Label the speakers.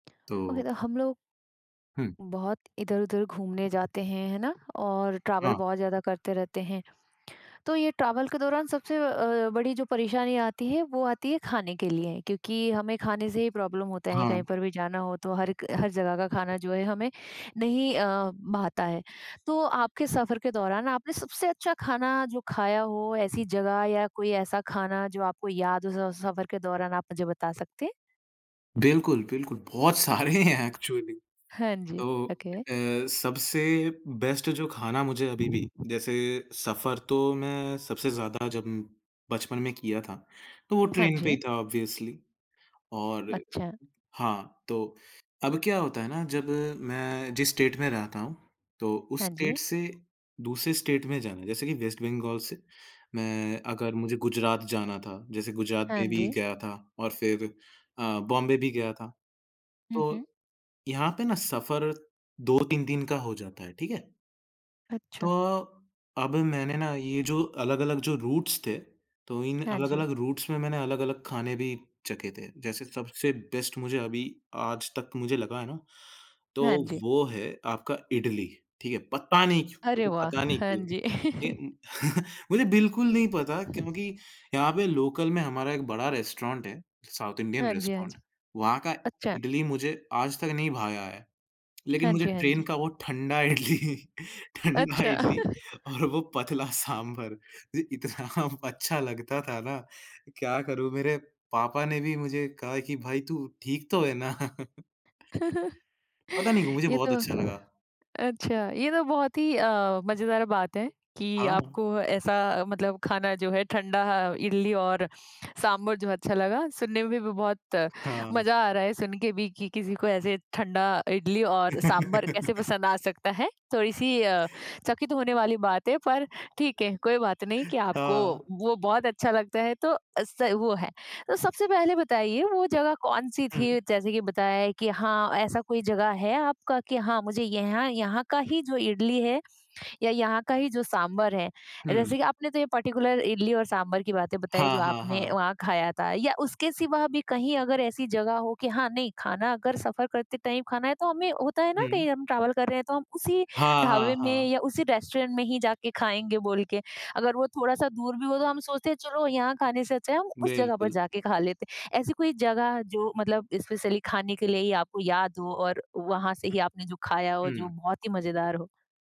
Speaker 1: तो
Speaker 2: ओके तो हम लोग
Speaker 1: हुँ।
Speaker 2: बहुत इधर-उधर घूमने जाते हैं, है ना, और ट्रैवल
Speaker 1: हाँ।
Speaker 2: बहुत ज़्यादा करते रहते हैं, तो ये ट्रैवल के दौरान सबसे अ, बड़ी जो परेशानी आती है वो आती है खाने के लिए क्योंकि हमें खाने से ही प्रॉब्लम होता है कहीं
Speaker 1: हाँ।
Speaker 2: पर भी जाना हो तो, हर एक हर जगह का खाना जो है हमें अ, नहीं अ, भाता है। तो आपके सफ़र के दौरान आपने सबसे अच्छा खाना जो खाया हो ऐसी जगह या कोई ऐसा खाना जो आपको याद हो स सफ़र के दौरान, आप मुझे बता सकते हैं?
Speaker 1: बिल्कुल, बिल्कुल। बहुत सारे हैं एक्चुअली।
Speaker 2: हाँ जी।
Speaker 1: तो
Speaker 2: ओके।
Speaker 1: अ, सबसे बेस्ट जो खाना मुझे अभी भी जैसे सफ़र तो मैं सबसे ज़्यादा जब बचपन में किया था तो वो
Speaker 2: हाँ
Speaker 1: ट्रेन पे ही
Speaker 2: जी।
Speaker 1: था ऑब्वियसली और
Speaker 2: अच्छा।
Speaker 1: हाँ, तो अब क्या होता है ना जब मैं जिस स्टेट में रहता हूँ, तो उस
Speaker 2: हाँ
Speaker 1: स्टेट
Speaker 2: जी।
Speaker 1: से दूसरे स्टेट में जाना है, जैसे कि वेस्ट बंगाल से मैं अगर मुझे गुजरात जाना था, जैसे गुजरात
Speaker 2: हाँ
Speaker 1: में भी
Speaker 2: जी।
Speaker 1: गया था और फिर अ, बॉम्बे भी गया था,
Speaker 2: हुँ, हुँ।
Speaker 1: तो यहाँ पे ना सफ़र 2-3 दिन का हो जाता है, ठीक है? तो
Speaker 2: अच्छा।
Speaker 1: अ, अब मैंने ना ये जो अलग-अलग जो रूट्स थे, तो इन
Speaker 2: हाँ जी।
Speaker 1: अलग-अलग रूट्स में मैंने अलग-अलग खाने भी चखे थे जैसे सबसे बेस्ट मुझे अभी आज तक मुझे लगा है ना, तो
Speaker 2: हाँ जी।
Speaker 1: वो है आपका इडली, ठीक है, पता नहीं क्यों
Speaker 2: अरे
Speaker 1: मुझे
Speaker 2: वाह!
Speaker 1: पता नहीं
Speaker 2: हाँ
Speaker 1: क्यों
Speaker 2: जी।
Speaker 1: त मुझे बिल्कुल नहीं पता क्योंकि यहाँ पे लोकल में हमारा एक बड़ा रेस्टोरेंट है, साउथ इंडियन
Speaker 2: हाँ जी, हाँ
Speaker 1: रेस्टोरेंट,
Speaker 2: जी।
Speaker 1: वहाँ का
Speaker 2: अच्छा।
Speaker 1: इडली मुझे आज तक नहीं भाया है लेकिन
Speaker 2: हाँ
Speaker 1: मुझे
Speaker 2: जी, हाँ
Speaker 1: ट्रेन
Speaker 2: जी।
Speaker 1: का वो ठंडा इडली ठंडा
Speaker 2: अच्छा।
Speaker 1: इडली और वो पतला सांभर इ इतना अच्छा लगता था ना क्या करूँ, मेरे पापा ने भी मुझे कहा कि भाई तू ठीक तो है ना? पता नहीं क्यों, मुझे
Speaker 2: ये
Speaker 1: बहुत
Speaker 2: तो
Speaker 1: अच्छा लगा।
Speaker 2: अच्छा, ये तो बहुत ही अ, मजेदार बात है कि
Speaker 1: हाँ।
Speaker 2: आपको ऐसा मतलब खाना जो है ठंडा इडली और साँभर जो अच्छा लगा, सुनने में भी बहुत
Speaker 1: हाँ।
Speaker 2: मज़ा आ रहा है सुन के भी कि किसी को ऐसे ठंडा इडली और साँभर कैसे पसंद आ सकता है? थोड़ी-सी अ, चकित होने वाली बात है पर ठीक है, कोई बात नहीं कि आपको
Speaker 1: हाँ।
Speaker 2: वो बहुत अच्छा लगता है तो स वो है। तो सबसे पहले बताइए वो जगह कौन-सी
Speaker 1: हुँ।
Speaker 2: थी जैसे कि बताया है कि हाँ, ऐसा कोई जगह है आपका कि हाँ, मुझे यहाँ यहाँ का ही जो इडली है या यहाँ का ही जो साँभर है अ,
Speaker 1: हुँ।
Speaker 2: जैसे कि आपने तो ये पर्टिकुलर इडली और साँभर की बातें बताई
Speaker 1: हाँ,
Speaker 2: जो
Speaker 1: हाँ,
Speaker 2: आपने
Speaker 1: हाँ।
Speaker 2: वहाँ खाया था या उसके सिवा भी कहीं अगर ऐसी जगह हो कि हाँ नहीं खाना अगर सफ़र करते टाइम खाना है तो हमें होता है ना
Speaker 1: हुँ।
Speaker 2: कहीं हम ट्रैवल कर रहे हैं तो हम उसी
Speaker 1: हाँ, हाँ,
Speaker 2: ढाबे में
Speaker 1: हाँ।
Speaker 2: या उसी रेस्टोरेंट में ही जा के खाएँगे बोल के। अगर वो थोड़ा-सा दूर भी हो तो हम सोचते हैं चलो यहाँ खाने से अच्छा है हम उस जगह पर
Speaker 1: बिल्कुल।
Speaker 2: जाके खा लेते हैं। ऐसी कोई जगह जो मतलब स्पेशली खाने के लिए ही आपको याद हो और वहाँ से ही आपने जो खाया हो, जो
Speaker 1: हुँ।
Speaker 2: बहुत ही मज़ेदार हो?